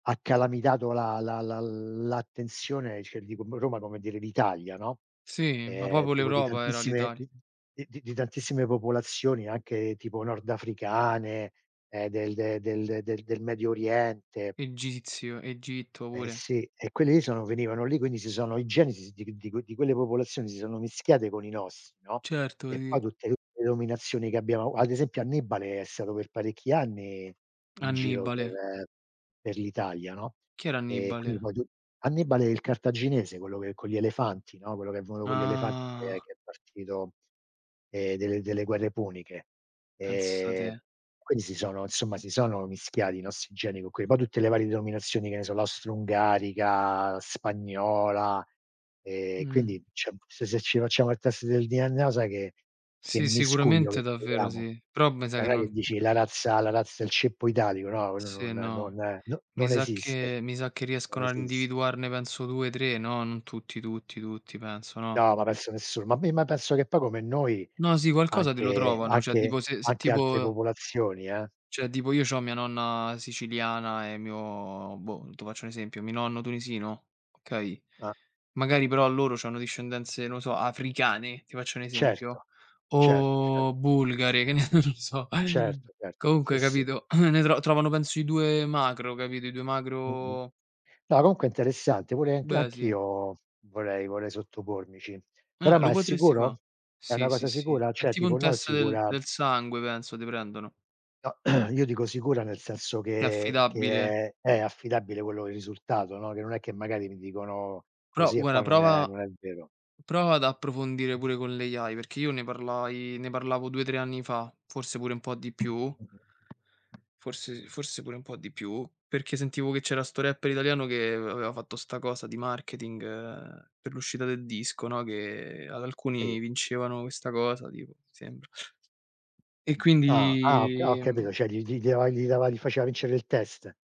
Ha calamitato la la l l'attenzione, cioè ti dico mo' Roma come dire d'Italia, no, Sì, ma ehm, proprio tipo di l'Europa era tantissime l'Itali d di di tantissime popolazioni, anche tipo nordafricane, ehm, del de del del del Medio Oriente. Egizio, Egitto Eh pure. sì, e quelli lì sono venivano lì, quindi si sono i geni si di qu di quel di quelle popolazioni si sono mischiate con i nostri, no, Certo, e poi sì. tutte tutte le dominazioni che abbiamo ad esempio, Annibale è stato per parecchi anni in giro Annibale? per per l'Italia, no, Chi era ehm, quindi Annibale? poi tu Annibale il cartaginese, quello che con gli elefanti, no, quello che è venuto con gli elefanti che è Ah. che è partito ehm, delle delle guerre puniche. Pensa Ehm, te. quindi si sono insomma si sono mischiati i nostri geni con que poi tutte le varie denominazioni, che ne so, l'astroungarica, la spagnola. Ehm, Mh. quindi c'è un se se ci facciamo il test del DNA o sai che che Sì, miscuglio che sicuramente, davvero troviamo? sì. Però me sa Cioè che non è che non dici la razza la razza il ceppo italico, no, quello non Sì, no. non no Mi non sa esiste, che mi sa che non riescono a esiste. individuarne penso 2, 3, no, non tutti, tutti, tutti penso, no? No, ma penso nessuno. Ma mi ma penso che poi come noi, No, sì qualcosa te lo anche trovano, cioè anche tipo se se anche altre tipo popolazioni, eh. Cioè tipo io c'ho mia nonna siciliana e mio, boh, tu faccio un esempio, mi nonno tunisino, okay, Ah. magari però loro c'hanno discendenze, no o so, africane, ti faccio un esempio, Certo certo certo. o bulgare, che ne so. Certo certo, sì, Comunque, sì. capito? Ne tro trovano penso i 2 macro, capito? I 2 Mh-mh. macro No, comunque è interessante. Pure anch Beh, sì. anch'io vorrei vorrei sottopormici. Però, Eh ma lo è potresti sicuro? fa'. È una Sì, sì, cosa sì. sicura? È Cioè, tipo tipo, un no test del sicura del sangue penso, te prendono. No, io dico sicura nel senso Che è che affidabile. che è è affidabile quello che è il risultato, no, che non è che magari mi dicono Però così e guarda, poi non è prova non è vero. prova ad approfondire pure con l' AI, perché io ne parlai ne parlavo 2, 3 anni fa, forse pure un po' di più. Mh-mh. Forse forse pure un po' di più, perché sentivo che c'era sto rapper italiano che av aveva fatto sta cosa di marketing, uhm, per l'uscita del disco, no, che ad Sì. alcuni vincevano questa cosa tipo, mi sembra. E Ah, ah ho ca quindi, ho capito, ehm cioè gli gli gli dava gli dava li faceva vincere il test.